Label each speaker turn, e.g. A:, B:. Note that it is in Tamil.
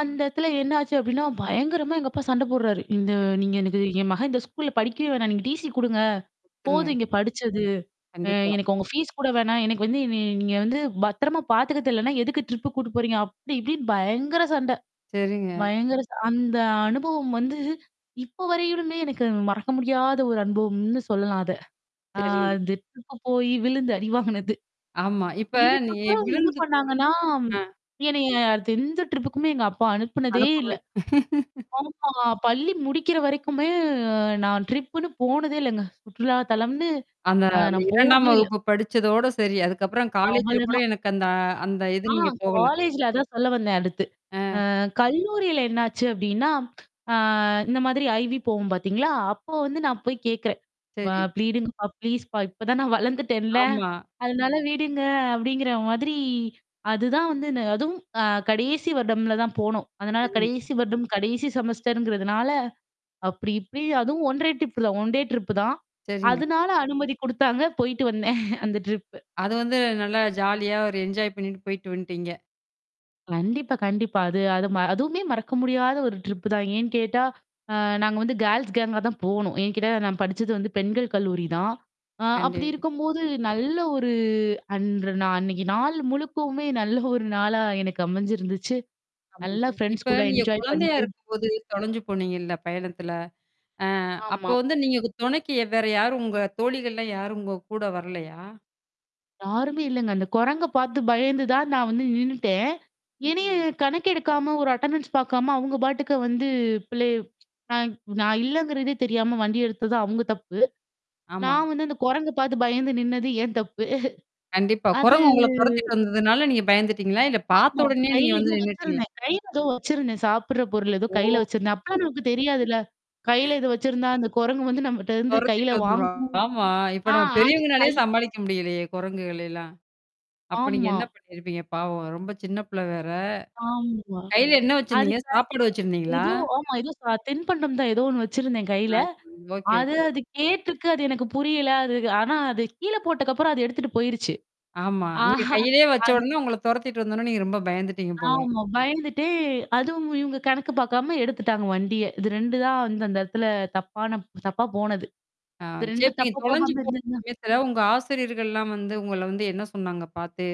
A: அந்த இடத்துல என்னாச்சு அப்படின்னா பயங்கரமா எங்க அப்பா சண்ட போடுறாரு. இந்த
B: சரி.
A: நீங்க எனக்கு "என் மகன் இந்த ஸ்கூல்ல படிக்கவே வேணாம். நீங்க டிசி குடுங்க. போதும்
B: சரிங்க.
A: இங்க படிச்சது. அ
B: கண்டிப்பா.
A: எனக்கு உங்க ஃபீஸ் கூட வேணாம். எனக்கு வந்து நீ நீங்க வந்து பத்திரமா பார்த்துக்கத் தெரியலைன்னா, எதுக்கு ட்ரிப்பு கூட்டிட்டு போறீங்க?" அப்டி இப்டின்னு பயங்கர சண்டை.
B: சரிங்க.
A: பயங்கர ச அந்த அனுபவம் வந்து, இப்ப வரையிலுமே எனக்கு மறக்க முடியாத ஒரு அனுபவம்னு சொல்லலாம் அத. ஆ
B: சரி.
A: அந்த டிரிப்புக்கு போய் விழுந்து அடி வாங்குனது.
B: ஆமா. இப்ப நீ
A: இதுக்கப்புறம் என்ன
B: விழுத்து போய்
A: பண்ணாங்கன்னா,
B: ஆ.
A: என்னைய அடுத்து எந்த ட்ரிப்புக்குமே எங்க அப்பா அனுப்புனதே இல்ல.
B: அனுப்பவே
A: ஆமா. பள்ளி முடிக்கிற வரைக்குமே நான் ட்ரிப்புன்னு போனதே இல்லங்க. சுற்றுலா தளம்னு.
B: அந்த
A: ஆ
B: அந்த
A: நான்
B: 2ஆம்
A: போனதே இல்ல.
B: வகுப்பு படிச்சதோட சரி. அதுக்கப்புறம் காலேஜ்ல கூட
A: அவ்வளதான்.
B: எனக்கு அந்த அ அந்த இது
A: ஆ
B: நீங்க போகல.
A: காலேஜ்ல அதான் சொல்ல வந்தேன் அடுத்து.
B: அ.
A: அ கல்லூரியில என்னாச்சு அப்படின்னா, அ இந்த மாதிரி ஐவி போவோம் பார்த்தீங்களா? அப்போ வந்து நான் போய் கேட்கறேன். "அப்பா!
B: சரி.
A: ப்ளீஸுங்கப்பா ப்ளீஸ்ப்பா, இப்பதான் நான் வளர்ந்துட்டேன்ல.
B: ஆமா.
A: அதனால விடுங்க" அப்படிங்கிற மாதிரி, அதுதான் வந்து அதுவும் அ கடைசி வருடம்ல தான் போனோம். அதனால
B: சரி.
A: கடைசி வருடம் கடைசி செமஸ்டர்ங்கிறதுனால அப்படி இப்படி அதுவும் ஒன்டே ட்ரிப்புதான் ஒன்டே ட்ரிப் தான்.
B: சரிங்க.
A: அதனால அனுமதி குடுத்தாங்க. போயிட்டு வந்தேன். அந்த ட்ரிப்பு.
B: அது வந்து நல்லா ஜாலியா, ஒரு என்ஜாய் பண்ணிட்டு போயி்ட்டு வந்துட்டீங்க.
A: கண்டிப்பா, கண்டிப்பா. அது அது ம அதுவுமே மறக்க முடியாத ஒரு ட்ரிப் தான். ஏன்னு கேட்டா, அ நாங்க வந்து கேர்ள்ஸ் கேங்கா தான் போணோம். ஏன்னு கேட்டா, நான் படிச்சது வந்து பெண்கள் கல்லூரி தான். ஆ
B: கண்டி
A: அப்படி இருக்கும்போது நல்ல ஒரு அன்று நா அன்னைக்கு நாள் முழுக்கவுமே நல்ல ஒரு நாளா எனக்கு அமைஞ்சிருந்துச்சு.
B: ஆமா. ச
A: நல்லா ஃப்ரெண்ட்ஸ்
B: இப்ப
A: கூட
B: நீங்க
A: என்ஜாய்
B: குழந்தையா
A: பண்ணிட்டு
B: இருக்கும்போது தொலஞ்சு போனீங்கல்ல பயணத்தில? அ அப்போ
A: ஆமா.
B: வந்து நீங்க தொணைக்கு வ் வேற யாரும், உங்க தோழிகள்லாம் யாரும் உங்க கூட வரலையா?
A: யாருமே இல்லங்க. அந்த குரங்க பார்த்து பயந்து தான் நான் வந்து நின்னுட்டேன். என்னைய
B: நின்னுட்டீங்க.
A: கணக்கு எடுக்காம, ஒரு அட்டெண்டன்ஸ் பாக்காம, அவுங்க பாட்டுக்க வந்து பிள்ளய நான் நான் இல்லங்கிறதே தெரியாம வண்டி எடுத்தது தான் அவுங்க தப்பு.
B: ஆமா.
A: நான் வந்து அந்த குரங்க பார்த்து பயந்து நின்னது என் தப்பு.
B: கண்டிப்பா.
A: அது
B: குரங்கு உங்கள தொறத்திட்டு வந்ததுனால நீங்க பயந்துட்டீங்களா? இல்ல பார்த்த
A: ஆமா.
B: உடனே நீங்க
A: கையில ஏதோ
B: வந்து நின்னுட்டீங்களா?
A: வச்சிருந்தேன். கையில ஏதோ வச்சிருந்தேன். சாப்புடுற பொருள் ஏதோ
B: ஓ!
A: கையில வச்சிருந்தேன். அப்பலாம் நமக்கு தெரியாதுல்ல. கையில இத வச்சிருந்தா, அந்த குரங்கு வந்து நம்மட்ட இருந்து கையில
B: தொரத்திட்டு வந்துரும்.
A: வாங்கும்.
B: ஆமா. இப்ப
A: ஆ
B: நம்ம
A: அது
B: பெரியவங்கனாலயே
A: கை
B: சமாளிக்க முடியலையே குரங்குகள எல்லாம்? அப்ப நீங்க
A: ஆமா.
B: என்ன பண்ணியிருப்பீங்க? பாவம். ரொம்ப சின்ன பிள்ளை வேற?
A: ஆம்மா.
B: கையில என்ன வச்சிருந்தீங்க?
A: அதுக்கா
B: சாப்பாடு வச்சிருந்தீங்களா?
A: ஏதோ ஆமா. ஏதோ ச தின்பண்டம் தான் ஏதோ ஒண்ணு வச்சிருந்தேன் கையில.
B: ஆ. சரி. ஓகே,
A: அது
B: ஓகே.
A: அது கேட்டுருக்கு. அது எனக்கு புரியல. அது ஆனா அது கீழ போட்டக்கப்புறம் அது எடுத்துட்டு போயிருச்சு.
B: ஆமா. நீங்க
A: ஆஹா
B: கையிலேயே வச்ச
A: அது
B: உடனே, உங்கள தொரத்திட்டு வந்த உடனே நீங்க ரொம்ப பயந்துட்டீங்க போல.
A: ஆமா. பயந்துட்டு அதுவும் இவங்க கணக்கு பார்க்காம எடுத்துட்டாங்க வண்டிய. இது 2 தான் வந்து அந்த இடத்துல தப்பான தப்பா போனது.
B: ஆ
A: இந்த
B: சேரி
A: 2
B: இப்ப நீங்க
A: தப்பு
B: தொலஞ்சு
A: போகாம
B: போ
A: இருந்தந்தா
B: சமயத்தில, உங்க ஆசிரியர்கள்லாம் வந்து உங்கள வந்து என்ன சொன்னாங்க பார்த்து?